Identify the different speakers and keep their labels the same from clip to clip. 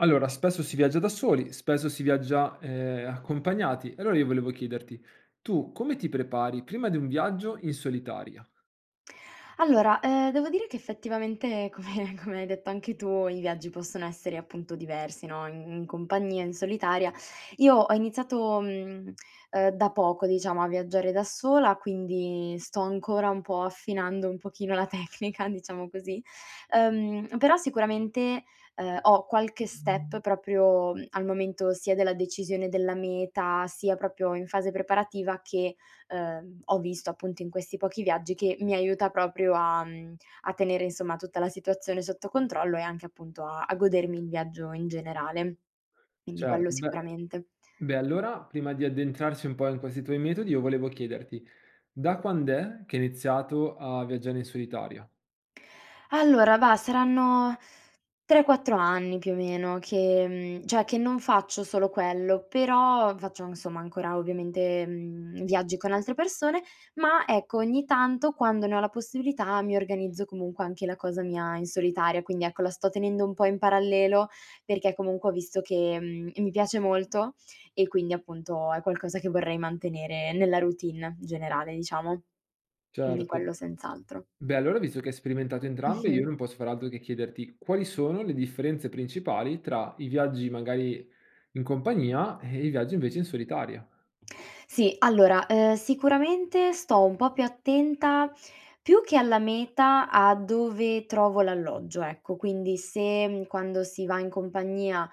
Speaker 1: Allora, spesso si viaggia da soli, spesso si viaggia, ehm, accompagnati, allora io volevo chiederti: tu come ti prepari prima di un viaggio in solitaria?
Speaker 2: Allora, ehm, devo dire che effettivamente come come hai detto anche tu i viaggi possono essere, appunto, diversi no: in in compagnia, in solitaria. Io ho iniziato, mhmm, ehm, da poco diciamo a viaggiare da sola, quindi sto ancora un po' affinando un pochino la tecnica, diciamo così; ehm, però sicuramente, ehm, ho qualche step proprio, mhmm, al momento sia della decisione della meta, sia proprio in fase preparativa che, ehm, ho visto appunto in questi pochi viaggi, che mi aiuta proprio a, mhmm, a tenere insomma tutta la situazione sotto controllo e anche appunto a a godermi il viaggio in generale. Quindi
Speaker 1: Certo,
Speaker 2: quello
Speaker 1: beh
Speaker 2: sicuramente.
Speaker 1: beh allora prima di addentrarci un po' in questi tuoi metodi io volevo chiederti: da quand'è che hai iniziato a viaggiare in solitaria?
Speaker 2: Allora, vah, saranno 3-4 anni più o meno che, mhmm, cioè che non faccio solo quello, però faccio insomma ancora ovviamente, mhmm, viaggi con altre persone, ma ecco ogni tanto, quando ne ho la possibilità mi organizzo comunque anche la cosa mia in solitaria. Quindi ecco, la sto tenendo un po' in parallelo perché comunque ho visto che, mhmm, mi piace molto e quindi appunto è qualcosa che vorrei mantenere nella routine generale, diciamo. Quindi
Speaker 1: Certo.
Speaker 2: quello senz'altro.
Speaker 1: Beh allora visto che hai sperimentato entrambe io
Speaker 2: Mh-mh.
Speaker 1: non posso far altro che chiederti: quali sono le differenze principali tra i viaggi magari in compagnia e i viaggi invece in solitaria?
Speaker 2: Sì, allora, ehm, sicuramente sto un po' più attenta, più che alla meta a dove trovo l'alloggio, ecco. Quindi se quando si va in compagnia,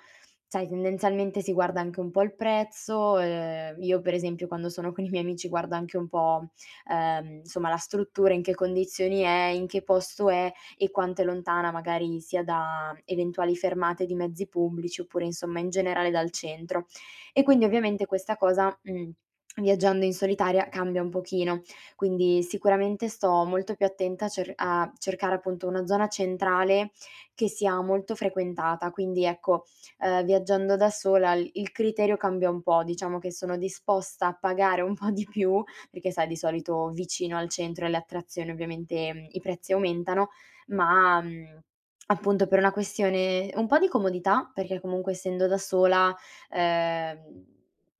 Speaker 2: sai tendenzialmente si guarda anche un po' al prezzo, ehm, io per esempio quando sono con i miei amici guarda anche un po', ehm, insomma la struttura in che condizioni è, in che posto è e quanto è lontana magari sia da eventuali fermate di mezzi pubblici oppure, insomma, in generale dal centro; e quindi ovviamente questa cosa, mhmm, viaggiando in solitaria cambia un pochino, quindi sicuramente sto molto più attenta a cer a cercare appunto una zona centrale che sia molto frequentata. Quindi, ecco, ehm, viaggiando da sola il il criterio cambia un po': diciamo che sono disposta a pagare un po' di più, perché sai di solito vicino al centro e alle attrazioni ovviamente i prezzi aumentano, ma, mhmm, appunto per una questione un po' di comodità perché comunque essendo da sola, ehm,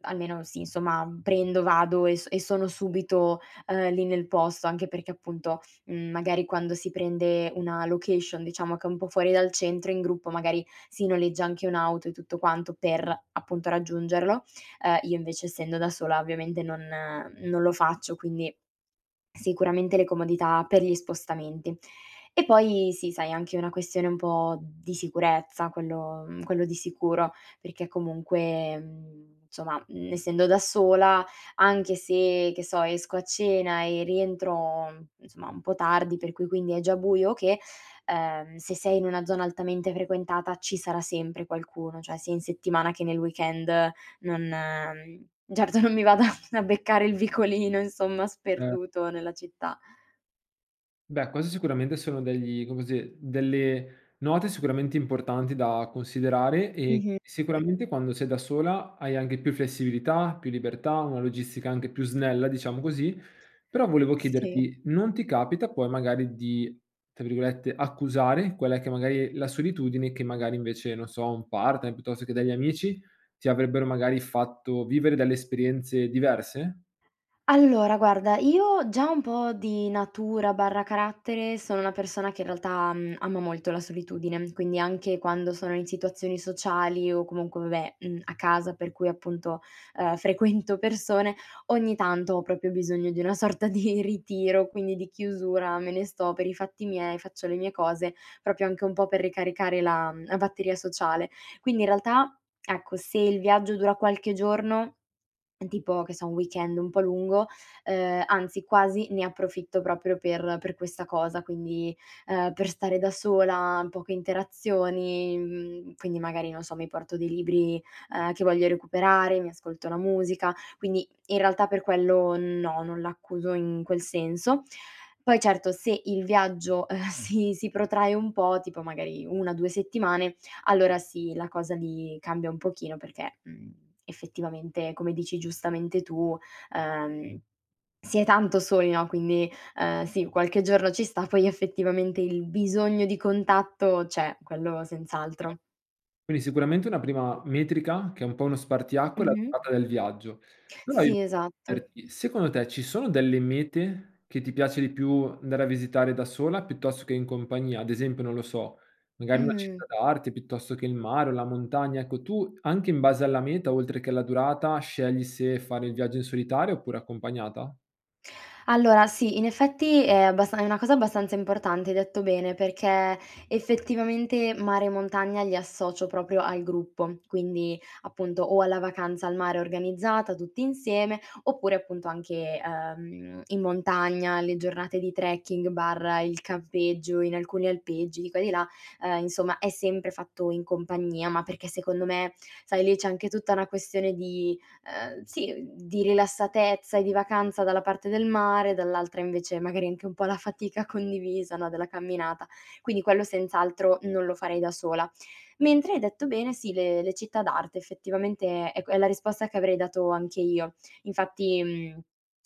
Speaker 2: almeno sì, insomma, prendo, vado e so e sono subito, ehm, lì nel posto, anche perché appunto, mhmm, magari quando si prende una location diciamo che è un po' fuori dal centro, in gruppo magari si noleggia anche un'auto e tutto quanto per, appunto, raggiungerlo; ehm, io invece essendo da sola ovviamente non non lo faccio, quindi sicuramente le comodità per gli spostamenti. E poi sì, sai, anche una questione un po' di sicurezza quello, mhmm, quello di sicuro perché comunque, mhmm, somma, mhmm, essendo da sola anche se, che so, esco a cena e rientro insomma un po' tardi, per cui quindi è già buio o che, ehm, se sei in una zona altamente frequentata ci sarà sempre qualcuno, cioè sia in settimana che nel weekend non, mhmm, certo non mi vada a beccare il vicolino, insomma,
Speaker 1: Eh.
Speaker 2: sperduto nella città.
Speaker 1: Beh, questi sicuramente sono degli, come si ehm, delle note sicuramente importanti da considerare e
Speaker 2: Mh-mh, sì.
Speaker 1: sicuramente quando sei da sola hai anche più flessibilità, più libertà, una logistica anche più snella, diciamo così. Però volevo
Speaker 2: Si.
Speaker 1: chiederti: non ti capita poi magari di, tra virgolette, "accusare" quella che magari è la solitudine che magari invece, non so, un partner piuttosto che degli amici ti avrebbero magari fatto vivere dalle esperienze diverse?
Speaker 2: Allora, guarda io già un po' di natura/carattere sono una persona che in realtà, mhmm, ama molto la solitudine, quindi anche quando sono in situazioni sociali o comunque vabbè, mhmm, a casa per cui appunto, ehm, frequento persone, ogni tanto ho proprio bisogno di una sorta di ritiro, quindi di chiusura, me ne sto per i fatti miei, faccio le mie cose, proprio anche un po' per ricaricare la, mhmm, la batteria sociale. Quindi in realtà, ecco, se il viaggio dura qualche giorno, tipo che so un weekend un po' lungo, ehm, anzi quasi ne approfitto proprio per per questa cosa, quindi, ehm, per stare da sola, poche interazioni. Mhmm, quindi magari non so mi porto dei libri, ehm, che voglio recuperare, mi ascolto la musica; quindi in realtà per quello no, non l'accuso in quel senso. Poi certo se il viaggio, ehm, si si protrae un po', tipo magari 1-2 settimane, allora sì la cosa mi cambia un pochino perché, mhmm, effettivamente come dici giustamente tu, ehm, si è tanto soli, no; quindi, ehm, sì, qualche giorno ci sta, poi effettivamente il bisogno di contatto c'è, quello senz'altro.
Speaker 1: Quindi sicuramente una prima metrica che è un po' uno spartiacque è la
Speaker 2: Mh-mh.
Speaker 1: durata del viaggio. Però io
Speaker 2: Sì, esatto.
Speaker 1: chiederti: secondo te ci sono delle mete che ti piace di più andare a visitare da sola piuttosto che in compagnia? Ad esempio, non lo so, magari una
Speaker 2: Mh-mh.
Speaker 1: città d'arte piuttosto che il mare o la montagna. Ecco, tu anche in base alla meta oltre che alla durata scegli se fare il viaggio in solitaria oppure accompagnata?
Speaker 2: Allora sì, in effetti è abbastan è una cosa abbastanza importante hai detto bene, perché effettivamente mare e montagna li associo proprio al gruppo. Quindi, appunto, o alla vacanza al mare organizzata tutti insieme oppure appunto anche, ehm, in montagna, le giornate di trekking/il campeggio in alcuni alpeggi di qua e di là; ehm, insomma è sempre fatto in compagnia, ma perché secondo me, sai, lì c'è anche tutta una questione, ehm, sì, mhmm, di rilassatezza e di vacanza dalla parte del mare, dall'altra invece magari anche un po' la fatica condivisa, no, della camminata; quindi quello senz'altro non lo farei da sola. Mentre hai detto bene, sì, le le città d'arte effettivamente è è que è la risposta che avrei dato anche io, infatti, mhmm,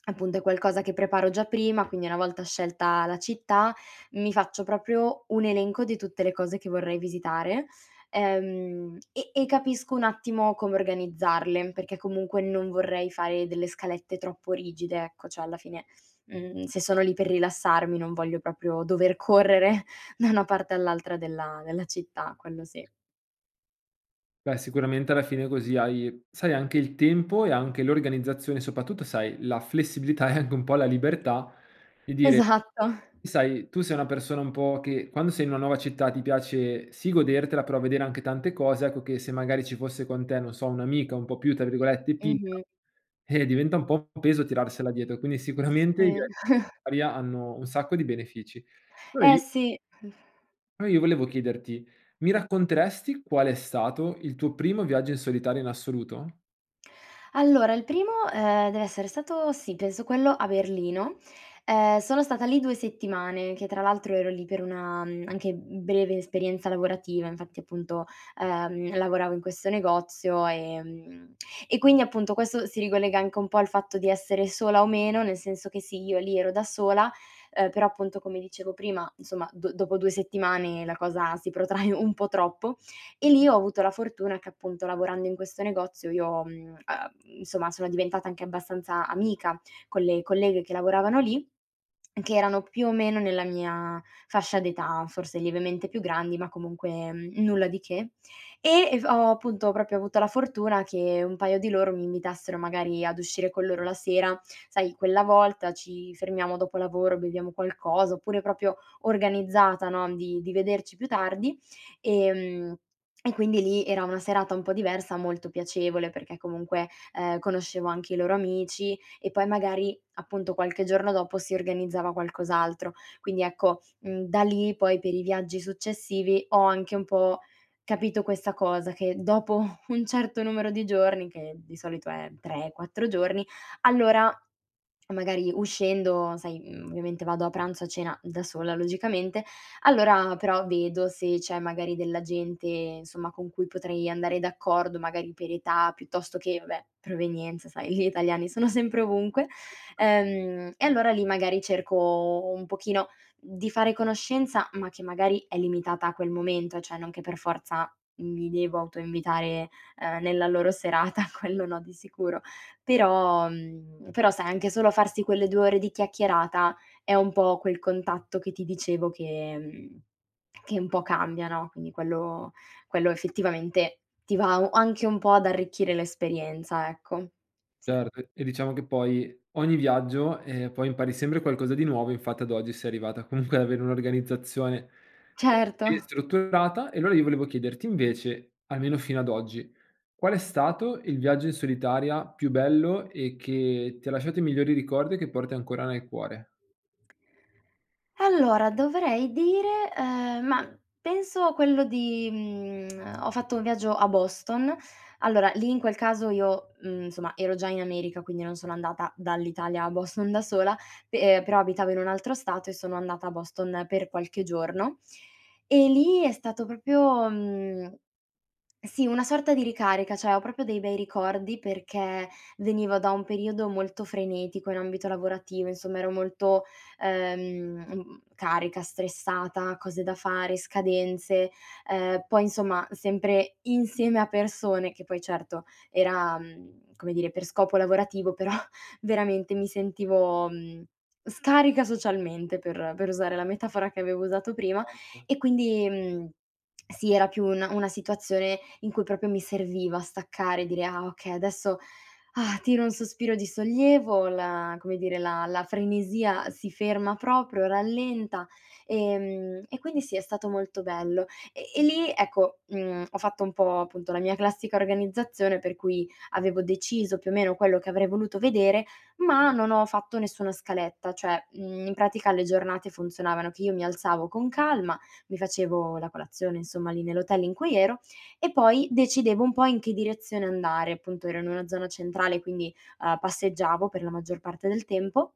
Speaker 2: appunto è qualcosa che preparo già prima, quindi una volta scelta la città mi faccio proprio un elenco di tutte le cose che vorrei visitare, ehm, e e capisco un attimo come organizzarle, perché comunque non vorrei fare delle scalette troppo rigide, ecco. Cioè alla fine, mhmm, se sono lì per rilassarmi non voglio proprio dover correre da una parte all'altra della della città, quello sì.
Speaker 1: Beh, sicuramente alla fine così hai, sai, anche il tempo e anche l'organizzazione soprattutto, sai, la flessibilità e anche un po' la libertà di dire
Speaker 2: Esatto.
Speaker 1: sai, tu sei una persona un po' che quando sei in una nuova città ti piace sì godertela, però vedere anche tante cose, ecco, che se magari ci fosse con te, non so, un'amica un po' più tra virgolette "timida",
Speaker 2: Mh-mh.
Speaker 1: eh, diventa un po' un peso tirarsela dietro. Quindi sicuramente i
Speaker 2: Mh.
Speaker 1: via aria hanno un sacco di benefici. Allora
Speaker 2: Eh
Speaker 1: io
Speaker 2: sì. Mh.
Speaker 1: Poi io volevo chiederti mi racconteresti qual è stato il tuo primo viaggio in solitaria in assoluto?
Speaker 2: Allora il primo, ehm, deve essere stato, sì, penso quello a Berlino. Ehm, sono stata lì 2 settimane, che tra l'altro ero lì per una, mhmm, anche, mhmm, breve esperienza lavorativa, infatti appunto, ehm, io lavoravo in questo negozio, ehm, e quindi appunto questo si ricollega anche un po' al fatto di essere sola o meno, nel senso che sì, io lì ero da sola, ehm, però appunto come dicevo prima, insomma d dopo 2 settimane la cosa si protrae un po' troppo, e lì ho avuto la fortuna che appunto lavorando in questo negozio io, mhmm, uhm, insomma sono diventata anche abbastanza amica con le colleghe che lavoravano lì, che erano più o meno nella mia fascia d'età, forse lievemente più grandi ma comunque nulla di che; e e v ho appunto proprio avuto la fortuna che un paio di loro mi invitassero magari ad uscire con loro la sera. Sai, quella volta ci fermiamo dopo lavoro, beviamo qualcosa oppure proprio organizzata no, di di vederci più tardi; ehm, e quindi lì era una serata un po' diversa, molto piacevole perché comunque, ehm, conoscevo anche i loro amici e poi magari appunto qualche giorno dopo si organizzava qualcos'altro. Quindi ecco, mhmm, da lì poi per i viaggi successivi ho anche un po' capito questa cosa: che dopo un certo numero di giorni, che di solito è 3, 4 giorni, allora magari uscendo sai, mhmm, ovviamente vado a pranzo a cena da sola logicamente, allora però vedo se c'è magari della gente, insomma, con cui potrei andare d'accordo, magari per età piuttosto che vabbè provenienza, sai gli italiani sono sempre ovunque. Ehm, e allora lì magari cerco un pochino di fare conoscenza ma che magari è limitata a quel momento, cioè non che per forza mi devo autoinvitare, ehm, nella loro serata quello no di sicuro. Però, mhmm, però sai anche solo farsi quelle 2 ore di chiacchierata è un po' quel contatto che ti dicevo che, mhmm, che un po' cambia no. Quindi quello quello effettivamente ti va u anche un po' ad arricchire l'esperienza, ecco. Sì.
Speaker 1: Certo e diciamo che poi ogni viaggio, ehm, poi impari sempre qualcosa di nuovo, infatti ad oggi sei arrivata comunque ad avere un'organizzazione sì,
Speaker 2: Certo.
Speaker 1: strutturata e allora io volevo chiederti invece, almeno fino ad oggi, qual è stato il viaggio in solitaria più bello e che ti ha lasciato i migliori ricordi e che porti ancora nel cuore?
Speaker 2: Allora dovrei dire, ehm, ma penso quello di, mhmm, ehm, ho fatto un viaggio a Boston: allora lì, in quel caso io, mhmm, insomma ero già in America, quindi non sono andata dall'Italia a Boston da sola, pe però abitavo in un altro stato e sono andata a Boston per qualche giorno, e lì è stato proprio, mhmm, sì, una sorta di ricarica, cioè ho proprio dei bei ricordi perché venivo da un periodo molto frenetico in ambito lavorativo, insomma ero molto, ehm, carica, stressata, cose da fare, scadenze, ehm, poi insomma sempre insieme a persone, che poi certo era, mhmm, come dire, per scopo lavorativo però veramente mi sentivo, mhmm, scarica socialmente per per usare la metafora che avevo usato prima;
Speaker 1: Tanto.
Speaker 2: e quindi, mhmm, sì era più un una situazione in cui proprio mi serviva staccare e dire: "Ah okay, adesso tiro un sospiro di sollievo, la come dire, la la frenesia si ferma proprio, rallenta", ehm, e quindi sì è stato molto bello. E e lì, ecco, mhmm, ho fatto un po', appunto, la mia classica organizzazione per cui avevo deciso più o meno quello che avrei voluto vedere, ma non ho fatto nessuna scaletta, cioè, mhmm, in pratica le giornate funzionavano che io mi alzavo con calma, mi facevo la colazione insomma lì nell'hotel in cui ero, e poi decidevo un po' in che direzione andare, appunto, ero in una zona centrale quindi, uhm, passeggiavo per la maggior parte del tempo;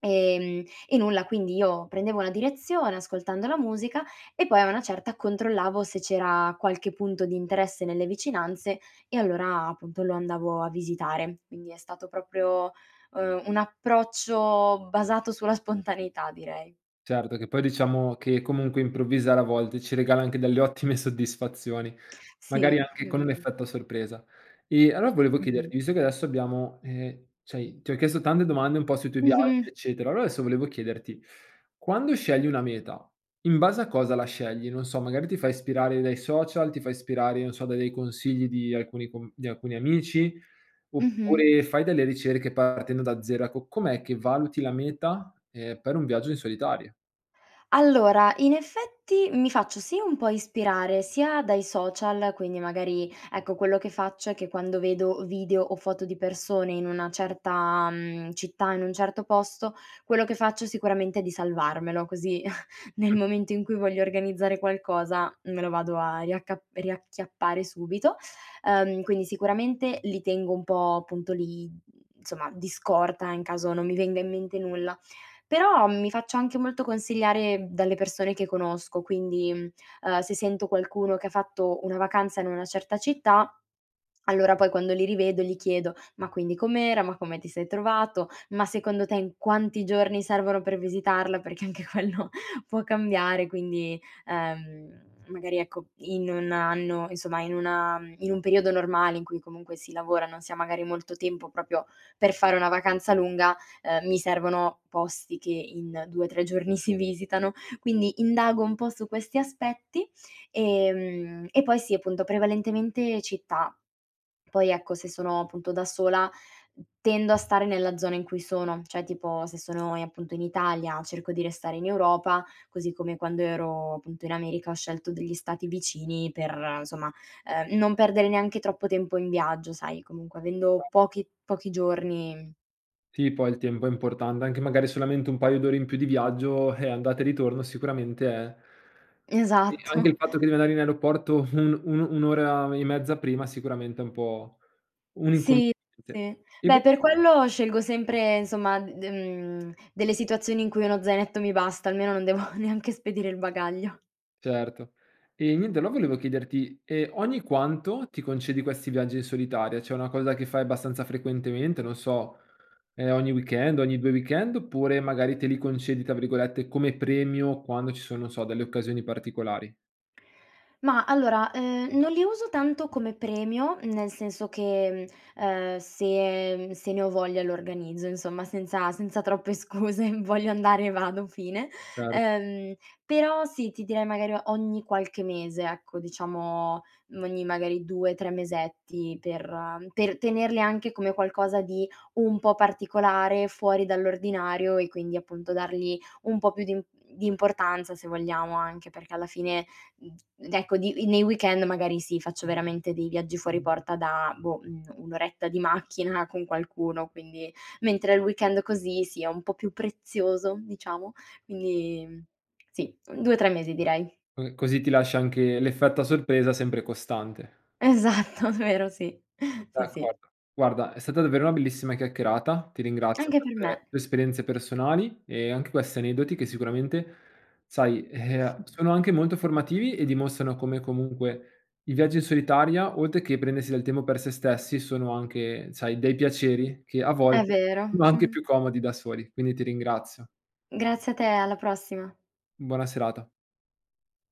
Speaker 2: ehm, e nulla quindi io prendevo una direzione ascoltando la musica e poi a una certa controllavo se c'era qualche punto di interesse nelle vicinanze e allora, appunto, lo andavo a visitare. Quindi è stato proprio, ehm, un approccio basato sulla spontaneità direi.
Speaker 1: Certo, che poi diciamo che comunque improvvisare a volte ci regala anche delle ottime soddisfazioni, magari
Speaker 2: Sì.
Speaker 1: anche con un effetto sorpresa. E allora volevo
Speaker 2: Okay.
Speaker 1: chiederti visto che adesso abbiamo, ehm, cioè ti ho chiesto tante domande un po' sui tuoi viaggi,
Speaker 2: Mh-mh.
Speaker 1: eccetera, allora adesso volevo chiederti: quando scegli una meta in base a cosa la scegli? Non so magari ti fai ispirare dai social, ti fai ispirare, non so, da dei consigli di alcuni com di alcuni amici,
Speaker 2: Mh-mh.
Speaker 1: oppure fai delle ricerche partendo da 0; ecco com'è che valuti la meta, ehm, per un viaggio in solitaria?
Speaker 2: Allora in effetti mi faccio sia un po' ispirare sia dai social, quindi magari, ecco, quello che faccio è che quando vedo video o foto di persone in una certa, mhmm, città, in un certo posto, quello che faccio sicuramente è di salvarmelo così nel
Speaker 1: Mh.
Speaker 2: momento in cui voglio organizzare qualcosa me lo vado a riacca riacchiappare subito. Ehm, quindi sicuramente li tengo un po' appunto lì, mhmm, insomma di scorta in caso non mi venga in mente nulla; però mi faccio anche molto consigliare dalle persone che conosco quindi, mhmm, ehm, se sento qualcuno che ha fatto una vacanza in una certa città allora poi quando li rivedo gli chiedo: "Ma quindi com'era, ma come ti sei trovato, ma secondo te in quanti giorni servono per visitarla", perché anche quello può cambiare quindi, ehm, magari ecco in 1 anno insomma in una in un periodo normale in cui comunque si lavora, non si ha molto tempo proprio per fare una vacanza lunga, ehm, mi servono posti che in 2-3 giorni si visitano. Quindi indago un po' su questi aspetti, ehm, e poi si appunto, prevalentemente città. Poi ecco se sono appunto da sola tendo a stare nella zona in cui sono: cioè tipo se sono, ehm, appunto in Italia cerco di restare in Europa, così come quando ero appunto in America ho scelto degli stati vicini per, somma, ehm, non perdere neanche troppo tempo in viaggio, sai comunque avendo pochi pochi giorni
Speaker 1: Sì, poi il tempo è importan anche magari solamente un paio d'ore in più di viaggio, eh, andata e ritorno sicuramente è E anche
Speaker 2: Esatto.
Speaker 1: il fatto che devi andare in aeroporto un un un'ora e mezza prima sicuramente è un po' un
Speaker 2: Sì,
Speaker 1: inconveniente.
Speaker 2: sì.
Speaker 1: E
Speaker 2: Beh,
Speaker 1: vo
Speaker 2: per quello scelgo sempre, insomma, mhmm, de mhmm, delle situazioni in cui uno zainetto mi basta, almeno non devo neanche spedire il bagaglio.
Speaker 1: Certo. Ehm, niente, no, volevo chiederti: ehm, ogni quanto ti concedi questi viaggi in solitaria? Cioè una cosa che fai abbastanza frequentemente, non so, ehm, ogni weekend, ogni 2 weekend, oppure magari te li concedi, tra virgolette, come "premio" quando ci sono so delle occasioni particolari?
Speaker 2: Ma allora, ehm, non li uso tanto come premio nel senso che, mhmm, ehm, se, mhmm, se ne ho voglia lo organizzo, insomma, senza senza troppe scuse: voglio andare? Vado, fine.
Speaker 1: Cer
Speaker 2: Ehm, però sì, ti direi magari ogni qualche mese, ecco, diciamo, mhmm, ogni magari 2-3 mesetti per per tenerli anche come qualcosa di un po' particolare, fuori dall'ordinario e quindi appunto dargli un po' più di imp di importanza se vogliamo, anche perché alla fine, mhmm, ecco di mhmm, nei weekend magari si faccio veramente dei viaggi fuori porta da, boh, un un'oretta di macchina con qualcuno quindi mentre il weekend così, sì, è un po' più prezioso, diciamo; quindi, mhmm, sì, mhmm, 2-3 mesi direi.
Speaker 1: Ehm, così ti lasci anche l'effetto a sorpresa sempre costante.
Speaker 2: Esatto, vero, sì. Sì, sì.
Speaker 1: D'accordo. Guarda è stata davvero una bellissima chiacchierata, ti ringrazio
Speaker 2: Anche per
Speaker 1: per
Speaker 2: me.
Speaker 1: le esperienze personali e anche questi aneddoti che sicuramente, sai, e uhm, sono anche molto formativi e dimostrano come comunque i viaggi in solitaria, oltre che per prendersi del tempo per sè stessi, sono anche, sai, dei piaceri che a
Speaker 2: È
Speaker 1: volte
Speaker 2: vero.
Speaker 1: sono anche più comodi da soli. Quindi ti ringrazio.
Speaker 2: Grazie a te e alla prossima.
Speaker 1: Buona serata.